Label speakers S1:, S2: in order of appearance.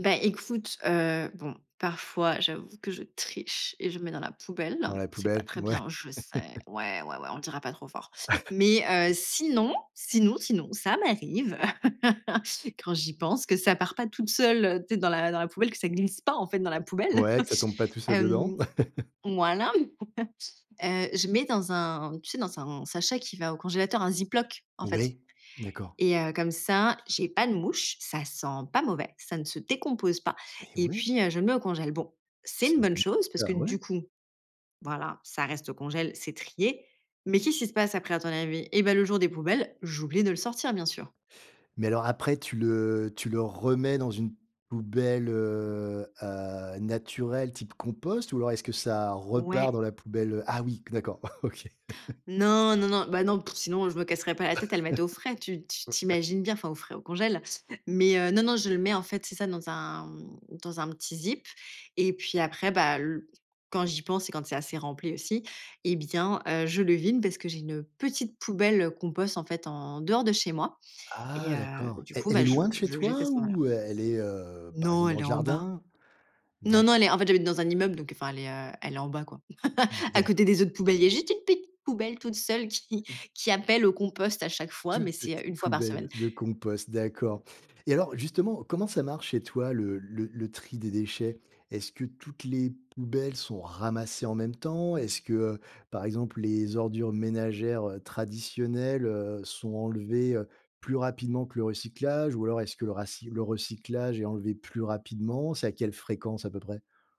S1: Ben, écoute, heu, bon, parfois, j'avoue que je triche et je mets dans la poubelle.
S2: Dans la
S1: C'est pas
S2: poubelle.
S1: très
S2: Ouais.
S1: bien, je sais. Ouais, ouais, ouais, on le dira pas trop fort. Mais heu, sinon, sinon, sinon, ça m'arrive quand j'y pense, que ça part pas toute seule, tu sais, dans la dans la poubelle, que ça glisse pas, en fait, dans la poubelle.
S2: Ouais, que ça tombe pas tout seul dedans.
S1: Hem. Voilà, heu, je mets dans un tu sais, dans un sachet qui va au congélateur, un Ziploc, en fait
S2: Oui, d'accord.
S1: et heu, comme ça, j'ai pas de mouches. Ça sent pas mauvais, ça ne se décompose pas
S2: Mais
S1: et
S2: ouais.
S1: puis, heu, je le mets au congélateur. Bon, c'est
S2: C'est
S1: une
S2: une
S1: bonne
S2: bonne
S1: chose
S2: id
S1: parce que,
S2: ah
S1: du
S2: ouais.
S1: coup, voilà, ça reste au congélateur, c'est trié. Mais qu'est-ce qui se passe après, à ton avis? Eh ben le jour des poubelles, j'oublie de le sortir, bien sûr.
S2: Mais alors, après, tu le tu le remets dans une poubelle, heu heu, naturelle, type compost ou alors est-ce que ça repart
S1: Ouais.
S2: dans la poubelle, heu ah oui, d'accord, OK.
S1: Non, non, non, bah non, pff, sinon, je me casserais pas la tête à le mettre au frais. Tu t tu
S2: Ouais, ouais.
S1: t'imagines bien, enfin, au frais, au congélateur, mais heu, non, non, je le mets, en fait, c'est ça, dans un, mmh, dans un petit zip et puis, après bah, l quand j'y pense et quand c'est assez rempli aussi et bien, heu, je le vide parce que j'ai une petite poubelle, heu, compost, en fait, en dehors de chez moi et
S2: Ah
S1: heu,
S2: d'accord!
S1: du
S2: Elle
S1: coup,
S2: elle
S1: ben, heu,
S2: est
S1: je
S2: loin de chez
S1: je le jette
S2: toi
S1: ce moment-là.
S2: ou e elle est, heu, par
S1: Non,
S2: exemple, dans
S1: elle
S2: le
S1: est en bas.
S2: jardin?
S1: Non,
S2: D'acc
S1: non, elle est en fait, j'habite dans un immeuble, donc enfin, elle est, heu, elle est en bas, quoi,
S2: D
S1: à côté
S2: d'accord.
S1: des autres poubelles. Il y a juste une petite poubelle toute seule qui qui appelle au compost à chaque fois. Mais
S2: Toute
S1: c'est,
S2: petite
S1: heu, 1 fois par
S2: poubelle
S1: semaine.
S2: de de compost. D'accord et alors, justement, comment ça marche chez toi le le le tri des déchets? Est-ce que toutes les poubelles sont ramassées en même temps? Est-ce que, heu, par exemple, les ordures ménagères, heu, traditionnelles, heu, sont enlevées, heu, plus rapidement que le recyclage? Ou alors est-ce que le raci le recyclage est enlevé plus rapidement? C'est à quelle fréquence à peu près?